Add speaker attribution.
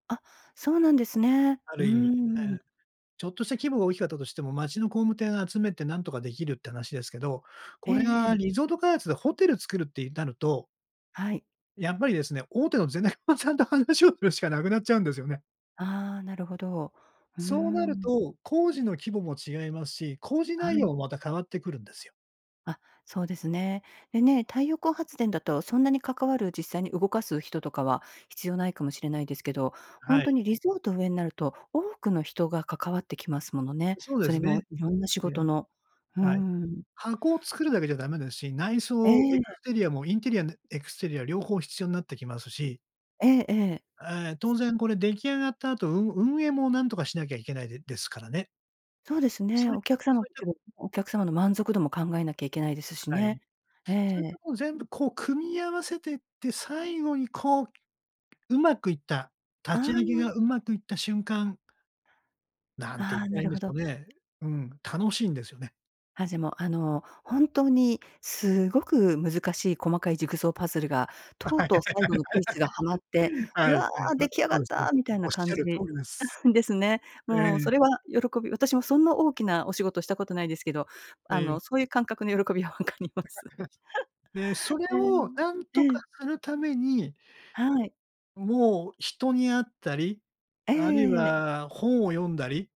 Speaker 1: あ、そうなんですね。
Speaker 2: あ
Speaker 1: うー
Speaker 2: る意
Speaker 1: ん、
Speaker 2: 味、
Speaker 1: うん
Speaker 2: え
Speaker 1: う
Speaker 2: え。
Speaker 1: ん。
Speaker 2: ちょっとした規模が大きかったとしても、町の工務店集めてなんとか出来るって話ですけど、
Speaker 1: え
Speaker 2: これ
Speaker 1: ええ
Speaker 2: が
Speaker 1: え。
Speaker 2: リゾート開発でホテル作るってゆんなると
Speaker 1: はい。
Speaker 2: やっぱりですね、大手のゼネコンさんと話をするしかなくなっちゃうんですよね。
Speaker 1: ああ、なるほど。うー
Speaker 2: そうなる
Speaker 1: ん。
Speaker 2: と、工事の規模も違いますし、工事
Speaker 1: は
Speaker 2: 内容
Speaker 1: い。
Speaker 2: もまた変わってくるんですよ。
Speaker 1: あ、そうですね。でね、太陽光発電だと、そんなに関わる、実際に動かす人とかは必要無いかもしれないですけど、ほん
Speaker 2: は
Speaker 1: と
Speaker 2: い。
Speaker 1: にリゾート上になると、多くの人が関わってきますものね。
Speaker 2: そうで
Speaker 1: そ
Speaker 2: す
Speaker 1: れも
Speaker 2: ね。
Speaker 1: 色んな仕
Speaker 2: え
Speaker 1: 事
Speaker 2: え。
Speaker 1: の。う
Speaker 2: はい、
Speaker 1: ん。
Speaker 2: 箱を作るだけじゃダメですし、内
Speaker 1: え
Speaker 2: 装、エク
Speaker 1: え。
Speaker 2: ステリアもインテリアねエクステリア両方必要になってきますし。
Speaker 1: ええええ。
Speaker 2: あ、ええ、当然これ出来上がった後、運運営も何とかしなきゃいけないでですからね。
Speaker 1: そうです
Speaker 2: そ
Speaker 1: ね。
Speaker 2: ういっ
Speaker 1: お
Speaker 2: た
Speaker 1: 客様
Speaker 2: そういった
Speaker 1: [unintelligible] お客様の満足度も考えなきゃいけないですし
Speaker 2: はい。
Speaker 1: ね。え
Speaker 2: そういった
Speaker 1: え。
Speaker 2: もん全部こう組み合わせてって、最後にこう、上手くいった、立
Speaker 1: あ
Speaker 2: ち上げ
Speaker 1: あ。
Speaker 2: が上手くいった瞬間何て言っ
Speaker 1: ああ、
Speaker 2: た
Speaker 1: な
Speaker 2: らいん
Speaker 1: る
Speaker 2: で
Speaker 1: ほ
Speaker 2: しょ
Speaker 1: ど。
Speaker 2: うね。うん、楽しいんですよね。
Speaker 1: あ、じぇも、あの、本当にすごく難しい細かいジグソーパズルが、とうとう最後のピースがはまっ
Speaker 2: はい
Speaker 1: て、「う
Speaker 2: はい。
Speaker 1: わ、出
Speaker 2: [unintelligible]
Speaker 1: 来上
Speaker 2: そ
Speaker 1: がっ
Speaker 2: うですそうで
Speaker 1: た」
Speaker 2: す。
Speaker 1: みたい
Speaker 2: お
Speaker 1: な
Speaker 2: っし
Speaker 1: 感
Speaker 2: ゃる通
Speaker 1: じ、
Speaker 2: りです。
Speaker 1: ですね。
Speaker 2: え
Speaker 1: もうそ
Speaker 2: え。
Speaker 1: れは喜び私もそんな大きなお仕事したことないですけど、
Speaker 2: え
Speaker 1: あの、
Speaker 2: え。
Speaker 1: そういう感覚の喜びは分かります。
Speaker 2: で、そ れをなん
Speaker 1: ええ、
Speaker 2: と
Speaker 1: え
Speaker 2: か
Speaker 1: え。
Speaker 2: するために
Speaker 1: はい。
Speaker 2: もう、人に会ったり、
Speaker 1: え
Speaker 2: あるい
Speaker 1: え。
Speaker 2: は本を読んだり